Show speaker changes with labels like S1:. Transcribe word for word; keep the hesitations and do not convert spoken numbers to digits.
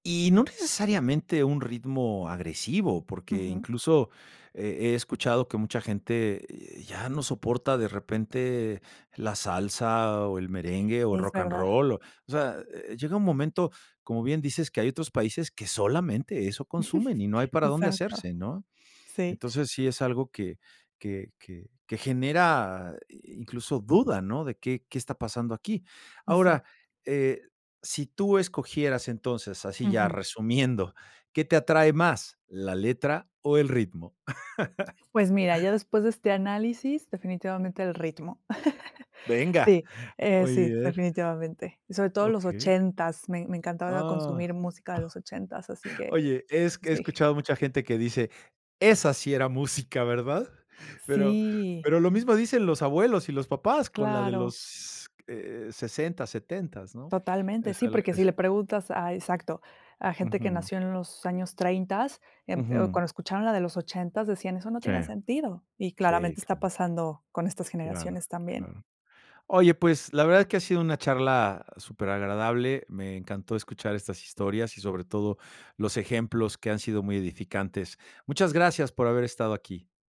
S1: Y no necesariamente un ritmo agresivo, porque
S2: Ujú.
S1: incluso he he escuchado que mucha gente, eh, ya no soporta de repente la salsa o el merengue o el
S2: Es verdad.
S1: rocanrol o o sea, eh, llega un momento, como bien dices, que hay otros países que solamente eso consumen y no hay para dónde
S2: Exacto.
S1: hacerse, ¿no?
S2: Sí.
S1: Entonces, sí es algo que que que que genera incluso duda, ¿no? De, ¿qué qué está pasando aquí?
S2: Exacto.
S1: Ahora, eh, si tú escogieras entonces, así ya
S2: Ujú.
S1: resumiendo, ¿qué te atrae más, la letra o el ritmo?
S2: Pues mira, ya después de este análisis, definitivamente el ritmo.
S1: Venga.
S2: Sí, eh,
S1: Muy
S2: sí,
S1: bien.
S2: definitivamente. Y sobre todo los
S1: Okey.
S2: ochentas. Me me encantaba
S1: Ah.
S2: consumir música de los ochentas, así que
S1: Oye, es que he
S2: sí.
S1: escuchado mucha gente que dice: "Esa sí era música, ¿verdad?" Pero
S2: Sí.
S1: pero lo mismo dicen los abuelos y los papás con la de
S2: Claro.
S1: los, eh, sesenta, setentas, ¿no?
S2: Totalmente,
S1: Es
S2: sí,
S1: al
S2: porque si
S1: es
S2: le preguntas a exacto, a gente que
S1: Ujú.
S2: nació en los años treintas, em,
S1: Ujú.
S2: cuando escuchaban la de los ochentas, decían: "Eso no
S1: Sí,
S2: tiene sentido". Y
S1: sí,
S2: claramente está
S1: claro.
S2: pasando con estas
S1: Claro,
S2: generaciones también.
S1: claro. Oye, pues la verdad es que ha sido una charla super agradable. Me encantó escuchar estas historias y sobre todo los ejemplos que han sido muy edificantes. Muchas gracias por haber estado aquí.